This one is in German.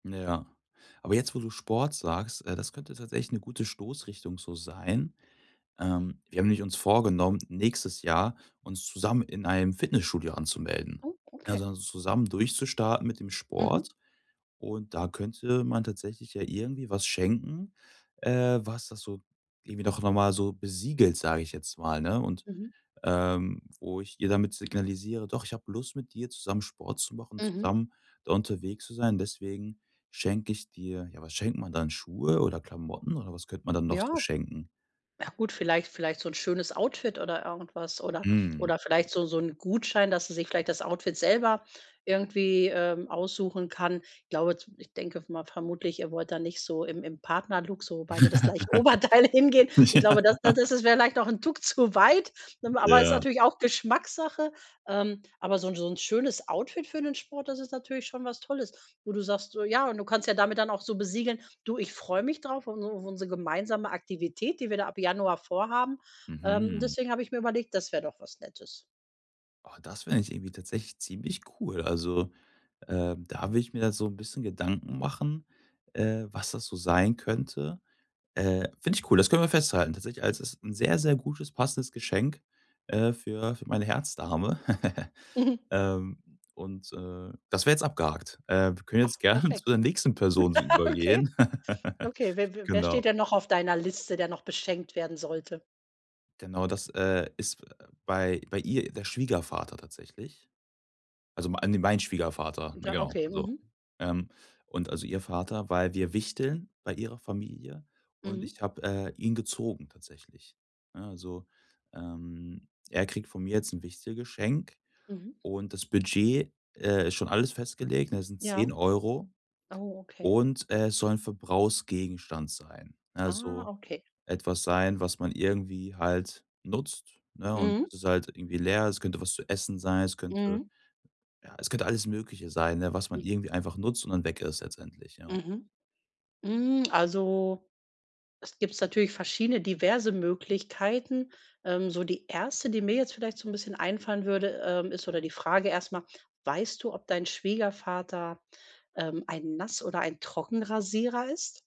Ja, aber jetzt, wo du Sport sagst, äh, das könnte tatsächlich 'ne gute Stoßrichtung so sein. Ähm, wir haben nämlich uns vorgenommen, nächstes Jahr uns zusammen in einem Fitnessstudio anzumelden, Oh, okay. also zusammen durchzustarten mit dem Sport. Mhm. Und da könnte man tatsächlich ja irgendwie was schenken, äh, was das so irgendwie doch noch mal so besiegelt, sage ich jetzt mal, ne? Und, Mhm. ähm, wo ich ihr damit signalisiere: „Doch, ich habe Lust, mit dir zusammen Sport zu machen, Mhm. zusammen da unterwegs zu sein. Deswegen schenke ich dir“. Ja, was schenkt man dann, Schuhe oder Klamotten, oder was könnte man dann noch so Ja. schenken? Ja, gut, vielleicht vielleicht so 'n schönes Outfit oder irgendwas, oder Mhm. oder vielleicht so so 'n Gutschein, dass sie sich vielleicht das Outfit selber irgendwie, ähm, aussuchen kann. Ich glaube z ich denke mal vermutlich, ihr wollt da nicht so im im Partnerlook, so beide das gleiche Oberteil hingehen. Ich Ja. glaube, das das das wäre vielleicht auch 'n Tuck zu weit. Ähm, aber ist Ja. natürlich auch Geschmackssache. Ähm, aber so' n so 'n schönes Outfit für den Sport, das ist natürlich schon was Tolles. Wo du sagst, so, ja und du kannst ja damit dann auch so besiegeln: „Du, ich freue mich drauf auf auf unsere auf unsere gemeinsame Aktivität, die wir da ab Januar vorhaben. Ähm, Mhm. deswegen habe ich mir überlegt, das wäre doch was Nettes.“ Oh, das fände ich irgendwie tatsächlich ziemlich cool. Also, ähm, da würde ich mir da so 'n bisschen Gedanken machen, äh, was das so sein könnte. Äh, finde ich cool, das können wir festhalten tatsächlich. Also, das ist 'n sehr, sehr gutes, passendes Geschenk, äh, für für meine Herzdame. Mhm. Ähm, und, äh, das wäre jetzt abgehakt. Ähm, wir können Ach, jetzt gerne zu perfekt. der nächsten Person so Okay. übergehen. Okay, w w wer Genau. steht denn noch auf deiner Liste, der noch beschenkt werden sollte? Genau, das, äh, ist bei bei ihr der Schwiegervater tatsächlich. Also mei äh, ne, mein Schwiegervater, ne, Ja, genau. okay, Also, mhm. ähm und also ihr Vater weil wir wichteln bei ihrer Familie, und Mhm. ich habe, äh, ihn gezogen tatsächlich, ne? Also, ähm, er kriegt von mir jetzt 'n Wichtelgeschenk Mhm. und das Budget, äh, ist schon alles festgelegt, ne? Das sind Ja. 10 €, Oh, okay. und es soll 'n Verbrauchsgegenstand sein, ne Ah, also okay. etwas sein, was man irgendwie halt nutzt, ne, und Mhm. bis es halt irgendwie leer ist könnte was zu essen sein, es könnte Mhm. ja, es könnte alles Mögliche sein, ne, was man Mhm. irgendwie einfach nutzt und dann weg ist letztendlich, ja. Mhm. Hm, also, es gibt's natürlich verschiedene diverse Möglichkeiten. Ähm, so die erste, die mir jetzt vielleicht so 'n bisschen einfallen würde, ähm, ist oder die Frage erst mal: Weißt du, ob dein Schwiegervater, ähm, ein Nass oder ein Trockenrasierer ist?